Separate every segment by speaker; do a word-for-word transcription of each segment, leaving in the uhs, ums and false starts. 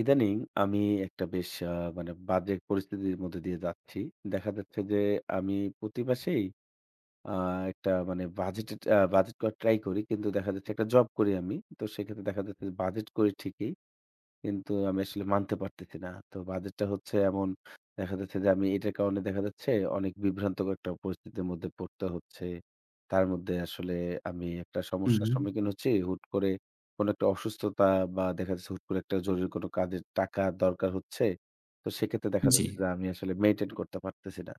Speaker 1: ইদানিং আমি একটা বেশ আ মানে বাজে পরিস্থিতির মধ্যে দিয়ে যাচ্ছি। দেখা যাচ্ছে যে আমি প্রতি মাসেই আ একটা মানে বাজেটের বাজেট করার ট্রাই করি। কিন্তু দেখা যাচ্ছে একটা জব করি আমি। তো সেক্ষেত্রে দেখা যাচ্ছে যে বাজেট করি ঠিকই। কিন্তু আমি আসলে মানতে পারতেছি না। তো বাজেট টা হচ্ছে এমন দেখা যাচ্ছে যে আমি এটার কারণে দেখা যাচ্ছে অনেক বিভ্রান্তকর একটা পরিস্থিতির মধ্যে পড়তে হচ্ছে। তার মধ্যে আসলে আমি একটা সমস্যার
Speaker 2: উহু।
Speaker 1: সম্মুখীন হচ্ছি। হুট করে কোন একটা অসুস্থতা বা দেখা যাচ্ছে হুট করে একটা জরুরি কাজের টাকা দরকার হচ্ছে। তো সেক্ষেত্রে দেখা যাচ্ছে
Speaker 2: জি।
Speaker 1: যে আমি আসলে মেইনটেইন করতে পারতেছি না।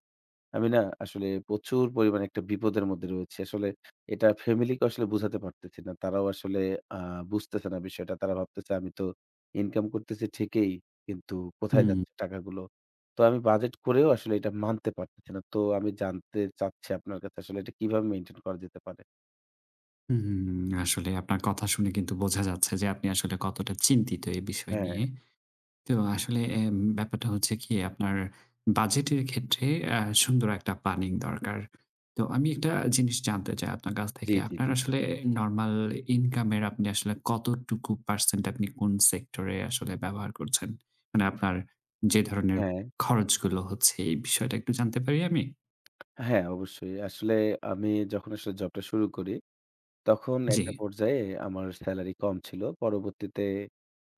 Speaker 1: আমি না আসলে প্রচুর পরিমাণে একটা বিপদের মধ্যে রয়েছি। আসলে এটা ফ্যামিলি কে আসলে বুঝাতে পারতেছি না। তারাও আসলে আ বুঝতেছে না বিষয়টা। তারা ভাবতেছে আমি তো ইনকাম করতেছি ঠিকই। কিন্তু কোথায়
Speaker 2: হু।
Speaker 1: যাচ্ছে টাকাগুলো। তো আমি বাজেট করেও আসলে এটা মানতে পারতেছি না। তো আমি জানতে চাচ্ছি আপনার কাছে আসলে এটা কিভাবে মেইনটেইন করা যেতে পারে।
Speaker 2: উহু। আসলে আপনার কথা শুনে কিন্তু বোঝা যাচ্ছে যে আপনি আসলে কতটা চিন্তিত এই বিষয় নিয়ে।
Speaker 1: হ্যাঁ।
Speaker 2: তো আসলে এ ব্যাপারটা হচ্ছে কি আপনার বাজেটের ক্ষেত্রে আ সুন্দর একটা প্ল্যানিং দরকার। তো আমি একটা জিনিস জানতে চাই আপনার কাছ
Speaker 1: জি,
Speaker 2: থেকে।
Speaker 1: জি,
Speaker 2: আপনার
Speaker 1: জি।
Speaker 2: আসলে নরমাল ইনকামের আপনি আসলে কতটুকু পারসেন্ট আপনি কোন সেক্টরে আসলে ব্যবহার করছেন? মানে আপনার যে ধরনের
Speaker 1: হ্যাঁ।
Speaker 2: খরচগুলো হচ্ছে এই বিষয়টা একটু জানতে পারি আমি?
Speaker 1: হ্যাঁ, অবশ্যই। আসলে আমি যখন আসলে জবটা শুরু করি, তখন একটা
Speaker 2: জ্বী।
Speaker 1: পর্যায়ে আমার স্যালারি কম ছিল। পরবর্তীতে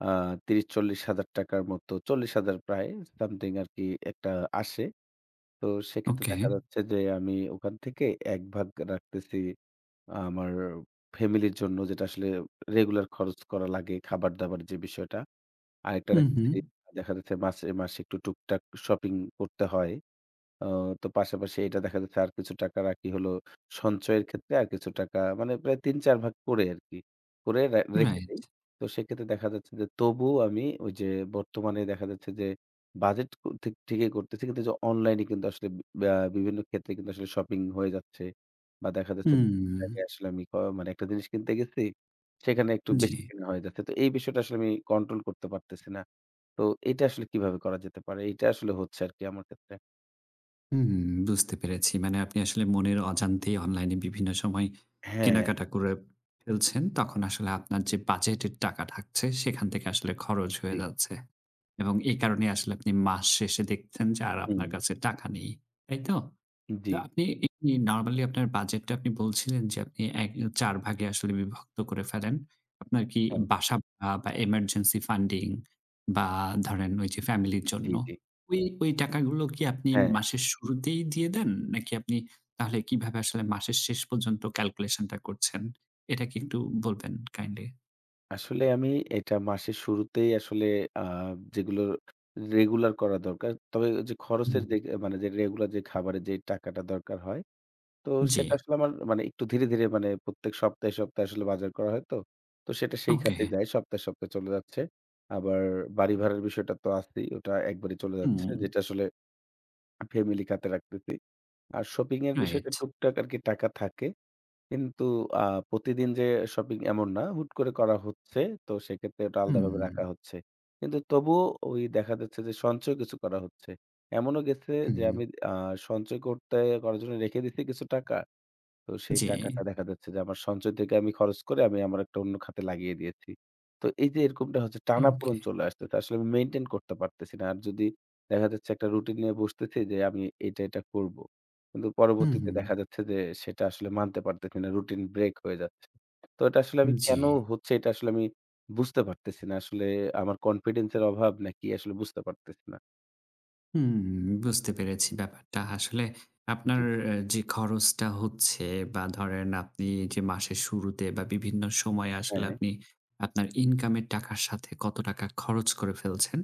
Speaker 1: আ ত্রিশ-চল্লিশ হাজার টাকা র মতো চল্লিশ হাজার প্রায় something সমথিং আরকি একটা আসে। তো সেক্ষেত্রে
Speaker 2: ওকে।
Speaker 1: দেখা যাচ্ছে যে, আমি ওখান থেকে একভাগ রাখতেছি আ আমার ফ্যামিলির জন্য। যেটা আসলে রেগুলার খরচ করা লাগে। খাবার-দাবার যে বিষয়টা। আরেকটা
Speaker 2: হু, হু।
Speaker 1: রাখতেছি, দেখা যাচ্ছে মাসে মাসে একটু টুকটাক শপিং করতে হয়। ও তো পাশাপাশি এটা দেখা যাচ্ছে আর কিছু টাকা রাখি হলো সঞ্চয়ের ক্ষেত্রে। আর কিছু টাকা মানে প্রায় তিন, চার ভাগ করে আরকি করে রা রেখে
Speaker 2: রাইট।
Speaker 1: দেই। তো সেক্ষেত্রে দেখা যাচ্ছে যে, তবুও আমি ঐযে বর্তমানে দেখা যাচ্ছে যে বাজেট ঠি ঠিকই করতেছি। কিন্তু অনলাইনে কিন্তু আসলে বা বিভিন্ন ক্ষেত্রে কিন্তু আসলে শপিং হয়ে যাচ্ছে বা, দেখা যাচ্ছে বিভিন্ন
Speaker 2: হুম।
Speaker 1: জায়গায় আসলে আমি ক মানে একটা জিনিস কিনতে গেছি, সেখানে একটু বেশি
Speaker 2: জ্বী।
Speaker 1: কেনা হয়ে যাচ্ছে। তো এই বিষয়টা আসলে আমি কন্ট্রোল করতে পারতেছি না। তো এটা আসলে কিভাবে করা যেতে পারে? এইটা আসলে হচ্ছে আরকি আমার ক্ষেত্রে।
Speaker 2: উম, বুঝতে পেরেছি। মানে আপনি আসলে মনের অজান্তেই অনলাইনে বিভিন্ন সময়
Speaker 1: হ্যাঁ।
Speaker 2: কেনাকাটা করে ফেলছেন। তখন আসলে আপনার যে বাজেটের টাকা থাকছে। সেখান থেকে আসলে খরচ হয়ে
Speaker 1: জ্বী।
Speaker 2: যাচ্ছে। এবং এই কারণেই আসলে আপনি মাস শেষে দেখছেন যে আর আপনার
Speaker 1: হুম
Speaker 2: কাছে টাকা নেই। তাই তো? তো
Speaker 1: জ্বী।
Speaker 2: আপনি এমনি নরমালি আপনার বাজেটটা আপনি বলছিলেন। যে আপনি এ চার ভাগে আসলে বিভক্ত করে ফেলেন। আপনার কি
Speaker 1: হুম
Speaker 2: বাসা বা, এব emergency funding বা, ধরেন ওইযে ফ্যামিলির
Speaker 1: জ্বী,
Speaker 2: জন্য।
Speaker 1: জ্বী।
Speaker 2: ওই ওই টাকাগুলো কি আপনি
Speaker 1: হ্যাঁ।
Speaker 2: মাসের শুরুতেই দিয়ে দেন? নাকি আপনি তাহলে কিভাবে আসলে মাসের শেষ পর্যন্ত ক্যালকুলেশনটা করছেন? এটা কি একটু বলবেন কাইন্ডলি?
Speaker 1: আসলে আমি এটা মাসের শুরুতেই আসলে আ যেগুলো রেগুলার করা দরকার। তবে যে খরচের
Speaker 2: হুম।
Speaker 1: যেগ মানে যে রেগুলার যে খাবারের যে টাকাটা দরকার হয়। তো
Speaker 2: জ্বী।
Speaker 1: সেটা আসলে আমার মানে একটু ধীরে, ধীরে, মানে প্রত্যেক সপ্তাহে, সপ্তাহে, আসলে বাজার করা হয় তো। তো সেটা সেই
Speaker 2: ওকে
Speaker 1: খাতে
Speaker 2: হ্যাঁ।
Speaker 1: যায়। সপ্তাহে, সপ্তাহে, চলে যাচ্ছে। আবার বাড়ি ভাড়ার বিষয়টা তো আছেই ওটা একবারে চলে যাচ্ছে।
Speaker 2: হুম।
Speaker 1: যেটা আসলে ফ্যামিলি কাতে রাখতেতি। আর শপিং এর বিষয়টা
Speaker 2: রাইট।
Speaker 1: টুকটাক আরকি টাকা থাকে। কিন্তু আ প্রতিদিন যে শপিং এমন না হুট করে করা হচ্ছে। তো সেক্ষেত্রে ওটা আলাদাভাবে রাখা
Speaker 2: হুম।
Speaker 1: হচ্ছে। কিন্তু তবুও ঐদেখা যাচ্ছে যে সঞ্চয় কিছু করা হচ্ছে। এমনও গেছে যে
Speaker 2: হুম।
Speaker 1: আমি আ সঞ্চয় করতে করার জন্য রেখে দিয়েছি কিছু টাকা। তো সেই
Speaker 2: জ্বী।
Speaker 1: টাকাটা দেখা যাচ্ছে যে আমার সঞ্চয় থেকে আমি খরচ করে আমি আমার একটা অন্য খাতে লাগিয়ে দিয়েছি। তো এই যে এরকমটা হচ্ছে টানা-পোড়ণ
Speaker 2: ওকে।
Speaker 1: চলে আসতেছে। আসলে আমি মেইনটেইন করতে পারতেছি না। আর যদি দেখা যাচ্ছে, একটা রুটিন নিয়ে বসতেছি যে আমি এটা, এটা, করবো। কিন্তু
Speaker 2: হু,
Speaker 1: পরবর্তীতে
Speaker 2: হু।
Speaker 1: দেখা যাচ্ছে যে, সেটা আসলে মানতে পারতেছি না। রুটিন ব্রেক হয়ে যাচ্ছে। তো এটা আসলে আমি
Speaker 2: উম জ্বী।
Speaker 1: কেন হচ্ছে এটা আসলে আমি বুঝতে পারতেছি না। আসলে আমার কনফিডেন্স এর অভাব নাকি আসলে বুঝতে পারতেছি না।
Speaker 2: হুম, বুঝতে পেরেছি ব্যাপারটা। আসলে আপনার
Speaker 1: জ্বী।
Speaker 2: যে খরচটা হচ্ছে বা ধরেন আপনি যে মাসের শুরুতে বা বিভিন্ন সময়ে আসলে
Speaker 1: হ্যাঁ।
Speaker 2: আপনি আপনার ইনকামের টাকার সাথে কত টাকা খরচ করে ফেলছেন।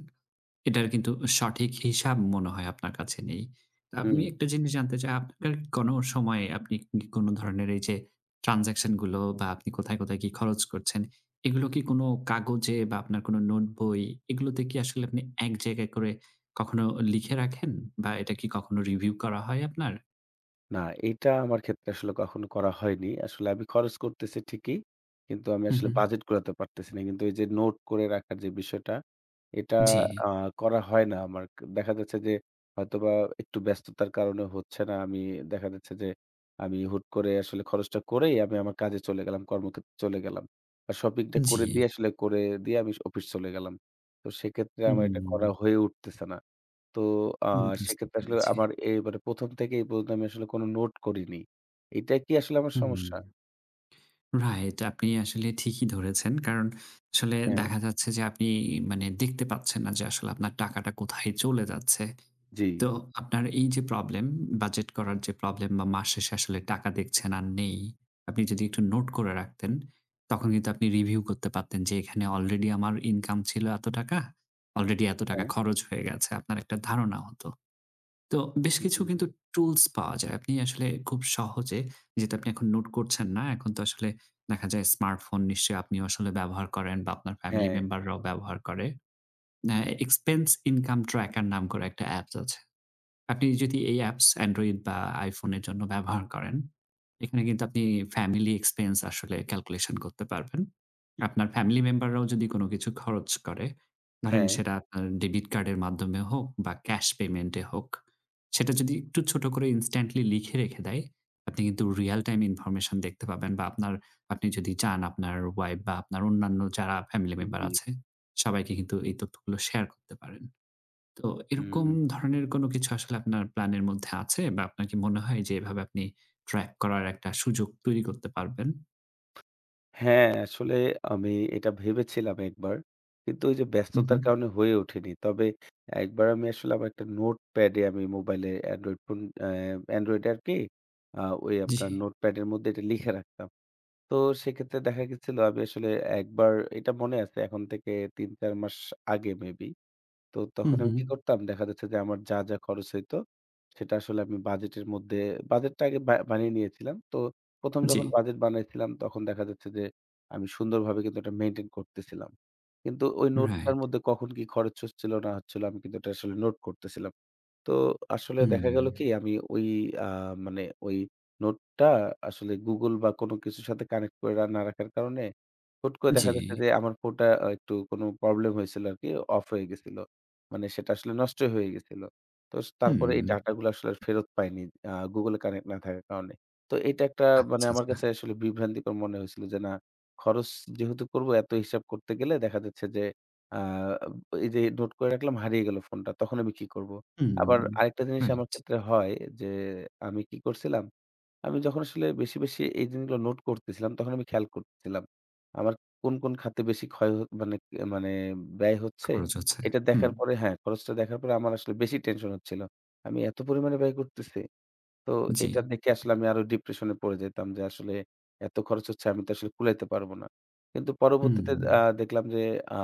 Speaker 2: এটার কিন্তু সঠিক হিসাব মনে হয় আপনার কাছে নেই। তো আপনি
Speaker 1: হু।
Speaker 2: একটা জিনিস জানতে চাই আপনার কোন সময় আপনি কি কোন ধরনের এই যে ট্রান্সেকশন গুলো বা আপনি কোথায়, কোথায় কি খরচ করছেন এগুলো কি কোন কাগজে বা আপনার কোনো নোটবই এগুলোতে কি আসলে আপনি এক জায়গায় করে কখনো লিখে রাখেন বা এটা কি কখনো রিভিউ করা হয় আপনার?
Speaker 1: না, এটা আমার ক্ষেত্রে আসলে কখনো করা হয়নি। আসলে আমি খরচ করতেছি ঠিকই। কিন্তু আমি
Speaker 2: হু,
Speaker 1: আসলে
Speaker 2: হু।
Speaker 1: বাজেট কুলাতে পারতেছি না। কিন্তু এই যে নোট করে রাখার যে বিষয়টা এটা
Speaker 2: জ্বি।
Speaker 1: আ করা হয় না আমার। দেখা যাচ্ছে যে হয়তোবা একটু ব্যস্ততার কারণে হচ্ছে না। আমি দেখা যাচ্ছে যে আমি হুট করে আসলে খরচটা করেই আমি আমার কাজে চলে গেলাম। কর্মক্ষেত্রে চলে গেলাম। আর শপিং টা করে
Speaker 2: জ্বি।
Speaker 1: দিয়ে আসলে করে দিয়ে আমি অফিস চলে গেলাম। তো সেক্ষেত্রে আমার এটা করা
Speaker 2: হুম।
Speaker 1: হয়ে উঠতেছে না। তো আ
Speaker 2: উম বুঝতে
Speaker 1: সেক্ষেত্রে আসলে
Speaker 2: পেরেছি।
Speaker 1: আমার এবারে প্রথম থেকেই এই পর্যন্ত আমি আসলে কোন নোট করিনি। এটা কি আসলে আমার সমস্যা?
Speaker 2: হুম। রাইট। আপনি আসলে ঠিকই ধরেছেন। কারণ আসলে
Speaker 1: হ্যাঁ।
Speaker 2: দেখা যাচ্ছে যে আপনি মানে দেখতে পাচ্ছেন না যে আসলে আপনার টাকাটা কোথায় চলে যাচ্ছে।
Speaker 1: জ্বি।
Speaker 2: তো আপনার এই যে প্রবলেম বাজেট করার যে প্রবলেম বা মাস শেষে আসলে টাকা দেখছেন আর নেই। আপনি যদি একটু নোট করে রাখতেন তখন কিন্তু আপনি রিভিউ করতে পারতেন যে এখানে আলরেডি আমার ইনকাম ছিল এত টাকা। অলরেডি এত টাকা
Speaker 1: হ্যাঁ।
Speaker 2: খরচ হয়ে গেছে। আপনার একটা ধারণা হত। তো বেশ
Speaker 1: হুম,
Speaker 2: কিছু
Speaker 1: হুম।
Speaker 2: কিন্তু টুলস পাওয়া যায়। আপনি আসলে খুব সহজে যেহেতু আপনি নোট করছেন না। এখন তো আসলে দেখা যায় স্মার্টফোন নিশ্চয়ই আপনি আসলে ব্যবহার করেন বা আপনার ফ্যামিলি
Speaker 1: হ্যাঁ।
Speaker 2: মেম্বাররাও ব্যবহার করে। অ্যা এক্সপেন্স ইনকাম ট্র্যাকার নাম করে একটা অ্যাপ আছে। আপনি যদি এই অ্যাপস Android বা iphone এর জন্য ব্যবহার করেন, এখানে কিন্তু আপনি ফ্যামিলি এক্সপেন্স আসলে ক্যালকুলেশন করতে পারবেন। আপনার ফ্যামিলি মেম্বাররাও যদি কোন কিছু খরচ করে, ধরেন
Speaker 1: হ্যাঁ।
Speaker 2: সেটা আপনার ডেবিট কার্ডের মাধ্যমে হোক বা ক্যাশ পেমেন্ট এ হোক সেটা যদি একটু ছোট করে instantly লিখে রেখে দেয়, আপনি কিন্তু রিয়াল টাইম ইনফরমেশন দেখতে পাবেন বা আপনার আপনি যদি চান আপনার ওয়াইফ বা আপনার অন্যান্য যারা ফ্যামিলি
Speaker 1: উ
Speaker 2: মেম্বার
Speaker 1: জী।
Speaker 2: আছে সবাইকে কিন্তু এই তথ্যগুলো শেয়ার করতে পারেন। তো এরকম
Speaker 1: হুম।
Speaker 2: ধরনের কোন কিছু আসলে আপনার প্ল্যানের মধ্যে আছে বা আপনার কি মনে হয় যে এভাবে আপনি ট্র্যাক করার একটা সুযোগ তৈরি করতে পারবেন?
Speaker 1: হ্যাঁ, আসলে আমি এটা ভেবেছিলাম একবার। কিন্তু ওই যে
Speaker 2: হু,
Speaker 1: ব্যস্ততার
Speaker 2: হু।
Speaker 1: কারণে হয়ে ওঠেনি। তবে একবার আমি আসলে আমার একটা নোটপ্যাডে আমি মোবাইলে এন্ড্রয়েড ফোন অ্যা এন্ড্রয়েডে আরকি আ ওই আপনার
Speaker 2: জি।
Speaker 1: নোটপ্যাডের মধ্যে এটা লিখে রাখতাম। তো সেক্ষেত্রে দেখা গেছিল আমি আসলে একবার এটা মনে আছে এখন থেকে তিন-চার মাস আগে মে বি। তো
Speaker 2: হুম,
Speaker 1: তখন আমি
Speaker 2: হুম।
Speaker 1: কি করতাম দেখা যাচ্ছে, যে আমার যা, যা, খরচ হইতো সেটা আসলে আমি বাজেটের মধ্যে বাজেট টা আগে বা বানিয়ে নিয়েছিলাম। তো প্রথম
Speaker 2: জি।
Speaker 1: যখন বাজেট বানিয়েছিলাম তখন দেখা যাচ্ছে যে, আমি সুন্দরভাবে কিন্তু এটা মেইনটেইন করতেছিলাম। কিন্তু ঐ নোট টার
Speaker 2: রাইট।
Speaker 1: মধ্যে কখন কি খরচ হচ্ছিল না হচ্ছিল আমি কিন্তু ওটা আসলে নোট করতেছিলাম। তো আসলে দেখা গেল
Speaker 2: হুম।
Speaker 1: কি? আমি ঐ আ মানে ঐ নোটটা আসলে Google বা কোন কিছুর সাথে কানেক্ট করে রা না রাখার কারণে, হুট করে দেখা যাচ্ছে
Speaker 2: জি।
Speaker 1: যে আমার ফোনটা একটু কোন প্রবলেম হয়েছিল আরকি অফ হয়ে গেছিল। মানে সেটা আসলে নষ্টই হয়ে গিয়েছিল। তো স তারপরে এই
Speaker 2: হুম।
Speaker 1: ডাটা গুলো আসলে ফেরত পায়নি। আ Google Connect না থাকার কারণে। তো এটা একটা মানে
Speaker 2: আচ্ছা,
Speaker 1: আমার
Speaker 2: আচ্ছা।
Speaker 1: কাছে আসলে বিভ্রান্তিকর মনে হয়েছিল। যে না খরচ যেহেতু করব এত হিসাব করতে গেলে দেখা যাচ্ছে যে আব এই যে নোট করে রাখলাম হারিয়ে গেলো ফোনটা। তখন আমি কি করবো? আবার
Speaker 2: হুম,
Speaker 1: আরেকটা জিনিস আমার
Speaker 2: আচ্ছা।
Speaker 1: ক্ষেত্রে হয়। যে আমি কি করছিলাম আমি যখন আসলে বেশি, বেশি, এই জিনিসগুলো নোট করতেছিলাম তখন আমি খেয়াল কর ছিলাম। আমার কোন, কোন, খাতে বেশি ক্ষয় মানে মানে, ব্যয় হচ্ছে
Speaker 2: খরচ আছে।
Speaker 1: এটা
Speaker 2: হুম।
Speaker 1: দেখার পরে হ্যাঁ খরচটা দেখার পরে আমার আসলে বেশি টেনশন হচ্ছিল। আমি এত পরিমাণে ব্যয় করতেছি। তো এটা
Speaker 2: জি।
Speaker 1: দেখে আসলে আমি আরো ডিপ্রেশন এ পড়ে যেতাম যে আসলে এত খরচ হচ্ছে আমি তো আসলে কুলাইতে পারব না। কিন্তু পরবর্তীতে আ
Speaker 2: হুম।
Speaker 1: দেখলাম যে আ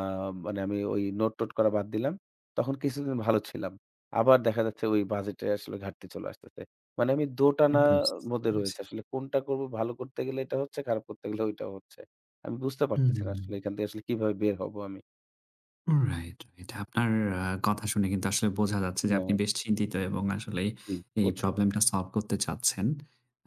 Speaker 1: মানে আমি ওই নোট-টোট করা বাদ দিলাম। তখন কিছুদিন ভালো ছিলাম। আবার দেখা যাচ্ছে ওই বাজেট এ আসলে ঘাটতি চলে আসতেছে। মানে আমি দো টানা
Speaker 2: বুঝতে
Speaker 1: মধ্যে
Speaker 2: পেরেছি।
Speaker 1: রয়েছি। আসলে কোনটা করব ভালো করতে গেলে এটা হচ্ছে, খারাপ করতে গেলে ঐটা হচ্ছে। আমি বুঝতে
Speaker 2: হু,
Speaker 1: পারতেছি
Speaker 2: হু,
Speaker 1: না
Speaker 2: হু,
Speaker 1: আসলে
Speaker 2: হু।
Speaker 1: এখান থেকে আসলে কিভাবে বের হবো আমি?
Speaker 2: রাইট এটা আপনার আ কথা শুনে কিন্তু আসলে বোঝা যাচ্ছে যে আপনি
Speaker 1: ম
Speaker 2: বেশ চিন্তিত এবং আসলে
Speaker 1: জি,
Speaker 2: এই
Speaker 1: বুঝছি।
Speaker 2: প্রবলেমটা সলভ করতে চাচ্ছেন।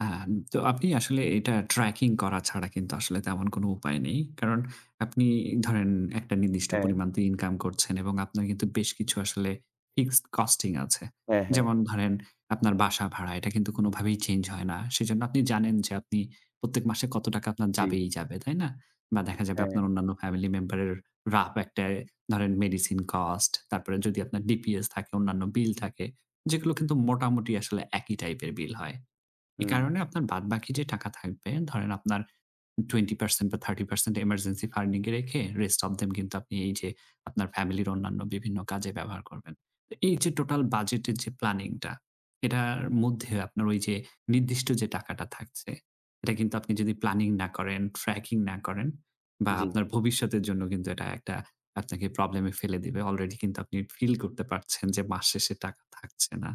Speaker 2: আ তো আপনি আসলে এটা ট্র্যাকিং করা ছাড়া কিন্তু আসলে তেমন কোন উপায় নেই। কারণ আপনি ধরেন একটা নির্দিষ্ট
Speaker 1: হ্যাঁ।
Speaker 2: পরিমাণ তো ইনকাম করছেন এবং আপনার কিন্তু বেশ কিছু আসলে ফিক্সড কস্টিং আছে।
Speaker 1: হ্যাঁ, হ্যাঁ।
Speaker 2: যেমন ধরেন আপনার বাসা ভাড়া এটা কিন্তু কোনভাবেই চেঞ্জ হয় না। সেজন্য আপনি জানেন যে আপনি প্রত্যেক মাসে কত টাকা আপনার
Speaker 1: জি।
Speaker 2: যাবেই যাবে, তাই না? বা দেখা যাবে
Speaker 1: হ্যাঁ।
Speaker 2: আপনার অন্যান্য ফ্যামিলি মেম্বারের rough একটা ধরেন মেডিসিন কস্ট তারপরে যদি আপনার DPS থাকে অন্যান্য বিল থাকে যেগুলো কিন্তু মোটামুটি আসলে একই টাইপের বিল হয়। এই
Speaker 1: হুম।
Speaker 2: কারণে আপনার বাদ বাকি যে টাকা থাকবে, ধরেন আপনার Twenty percent বা Thirty percent এমার্জেন্সি ফান্ডিং এ রেখে rest of them কিন্তু আপনি এই যে আপনার ফ্যামিলির অন্যান্য বিভিন্ন কাজে ব্যবহার করবেন। এই যে টোটাল বাজেটের যে প্ল্যানিংটা এটার মধ্যে আপনার ওই যে নির্দিষ্ট যে টাকাটা থাকছে, এটা কিন্তু আপনি যদি প্ল্যানিং না করেন, ট্র্যাকিং না করেন বা
Speaker 1: জি।
Speaker 2: আপনার ভবিষ্যতের জন্য কিন্তু এটা একটা আপনাকে প্রবলেমে ফেলে দিবে। অলরেডি কিন্তু আপনি ফিল করতে পারছেন যে মাস শেষে টাকা থাকছে না।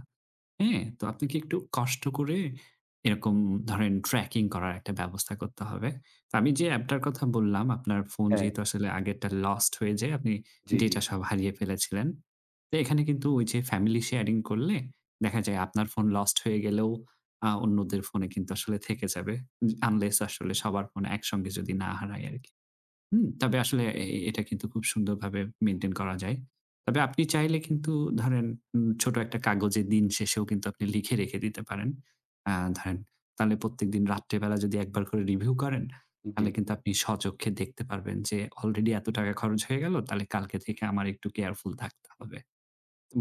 Speaker 2: হ্যাঁ? তো
Speaker 1: হুম।
Speaker 2: আপনি কি একটু কষ্ট করে এরকম ধরেন ট্র্যাকিং করার একটা ব্যবস্থা করতে হবে। তো আমি যে অ্যাপটার কথা বললাম আপনার ফোন
Speaker 1: হ্যাঁ।
Speaker 2: যেহেতু আসলে আগেরটা লস্ট হয়ে যায় আপনি
Speaker 1: জি, জি।
Speaker 2: ডেটা সব হারিয়ে ফেলেছিলেন। তো এখানে কিন্তু ওই যে ফ্যামিলি শেয়ারিং করলে দেখা যায় আপনার ফোন লস্ট হয়ে গেলেও অ্যা অন্যদের ফোনে কিন্তু আসলে থেকে যাবে। উ আনলেস আসলে সবার ফোন একসঙ্গে যদি না হারায় আরকি। হু? তবে আসলে
Speaker 1: হুম।
Speaker 2: এ এটা কিন্তু খুব সুন্দরভাবে মেইনটেইন করা যায়। তবে আপনি চাইলে কিন্তু ধরেন উ ছোট একটা কাগজের দিন শেষেও কিন্তু আপনি লিখে রেখে দিতে পারেন। অ্যা ধরেন তাহলে প্রত্যেকদিন রাত্রিবেলা যদি একবার করে রিভিউ করেন তাহলে
Speaker 1: জি।
Speaker 2: কিন্তু আপনি স্বচক্ষে দেখতে পারবেন যে অলরেডি এত টাকা খরচ হয়ে গেল। তাহলে কালকে থেকে আমার একটু কেয়ারফুল থাকতে হবে।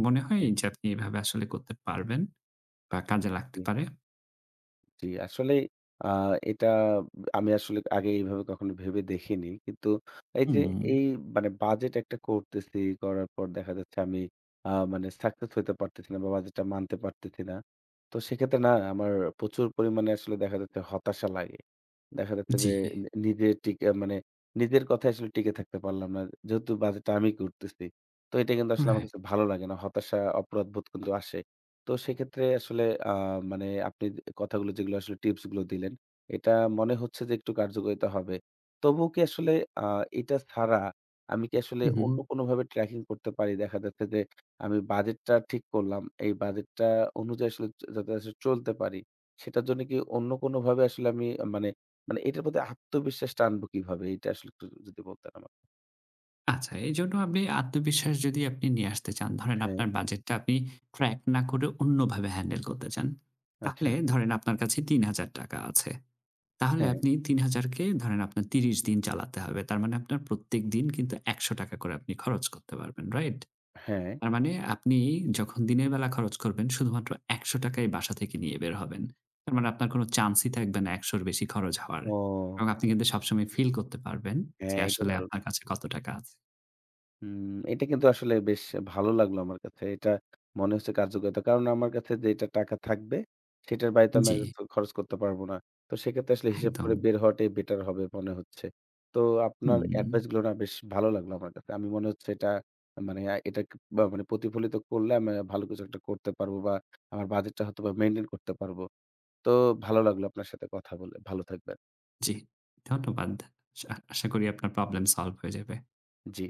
Speaker 2: মনে হয়
Speaker 1: জি।
Speaker 2: এইযে আপনি এভাবে আসলে করতে পারবেন বা কাজে লাগতে
Speaker 1: জি।
Speaker 2: পারে?
Speaker 1: জি। আসলে আ এটা আমি আসলে আগে এইভাবে কখনো ভেবে দেখিনি। কিন্তু এই যে এই
Speaker 2: হুম।
Speaker 1: মানে বাজেট একটা করতেছি করার পর দেখা যাচ্ছে আমি আ মানে সাকসেস হতে পারতেছি না বা বাজেটটা মানতে পারতেছি না। তো সেক্ষেত্রে না আমার প্রচুর পরিমাণে আসলে দেখা যাচ্ছে হতাশা লাগে। দেখা যাচ্ছে
Speaker 2: জি।
Speaker 1: যে, নি নিজের টিকা মানে নিজের কথায় আসলে টিকে থাকতে পারলাম না। যেহেতু বাজেটটা আমি করতেছি। তো এটা কিন্তু আসলে আমার
Speaker 2: রাইট।
Speaker 1: কাছে ভালো লাগে না। হতাশা, অপরাধবোধ কিন্তু আসে। তো সেক্ষেত্রে আসলে অ্যা মানে আপনি কথাগুলো যেগুলো আসলে টিপসগুলো দিলেন, এটা মনে হচ্ছে যে একটু কার্যকরিতা হবে। তবুও কি আসলে আ এটা ছাড়া আমি কি আসলে
Speaker 2: উ
Speaker 1: অন্য
Speaker 2: হু।
Speaker 1: কোনভাবে ট্র্যাকিং করতে পারি? দেখা যাচ্ছে যে, আমি বাজেটটা ঠিক করলাম। এই বাজেটটা অনুযায়ী আসলে যা যাতে আসলে চলতে পারি সেটার জন্য কি অন্য কোনোভাবে আসলে আমি মানে মানে, এটার প্রতি আত্মবিশ্বাসটা আনবো কিভাবে? এটা আসলে একটু যদি বলতেন আমাকে।
Speaker 2: আচ্ছা, এইজন্য আপনি আত্মবিশ্বাস যদি আপনি নিয়ে আসতে চান, ধরেন
Speaker 1: হ্যাঁ।
Speaker 2: আপনার বাজেটটা আপনি ট্র্যাক না করে অন্যভাবে হ্যান্ডেল করতে চান, তাহলে
Speaker 1: আচ্ছা।
Speaker 2: ধরেন আপনার কাছে তিন হাজার টাকা আছে। তাহলে
Speaker 1: হ্যাঁ।
Speaker 2: আপনি তিন হাজার কে ধরেন আপনার ত্রিশ দিন চালাতে হবে। তার মানে আপনার প্রত্যেকদিন কিন্তু একশ টাকা করে আপনি খরচ করতে পারবেন। রাইট?
Speaker 1: হ্যাঁ।
Speaker 2: তার মানে আপনি যখন দিনের বেলা খরচ করবেন শুধুমাত্র একশ টাকা ই বাসা থেকে নিয়ে বের হবেন। তার মানে আপনার কোন চান্সই থাকবে না একশ র বেশি খরচ হওয়ার
Speaker 1: ও!
Speaker 2: এবং আপনি কিন্তু সবসময় ফিল করতে পারবেন যে
Speaker 1: হ্যাঁ, এইটা
Speaker 2: আসলে
Speaker 1: দারুণ!
Speaker 2: আপনার কাছে কত টাকা আছে।
Speaker 1: হু, এটা কিন্তু আসলে বেশ ভালো লাগলো আমার কাছে। এটা মনে হচ্ছে কার্যকারিতা। কারণ আমার কাছে যেইটা টাকা থাকবে, সেটার বাইরে তো আমি আর
Speaker 2: জি।
Speaker 1: কিছু খরচ করতে পারবো না। তো সেক্ষেত্রে আসলে হিসাব করে
Speaker 2: একদম।
Speaker 1: বের হওয়াটাই বেটার হবে মনে হচ্ছে। তো আপনার
Speaker 2: হুম।
Speaker 1: এডভাইসগুলো না বেশ ভালো লাগলো আমার কাছে। আমি মনে হচ্ছে এটা, মানে আ এটা বা মানে প্রতিফলিত করলে আমি ভালো কিছু একটা করতে পারব বা আমার বাজেটটা হয়তোবা মেইনটেইন করতে পারবো। তো ভালো লাগলো আপনার সাথে কথা বলে। ভালো থাকবেন।
Speaker 2: জি, ধন্যবাদ। শা আশা করি আপনার প্রবলেম সলভ হয়ে যাবে।
Speaker 1: জি।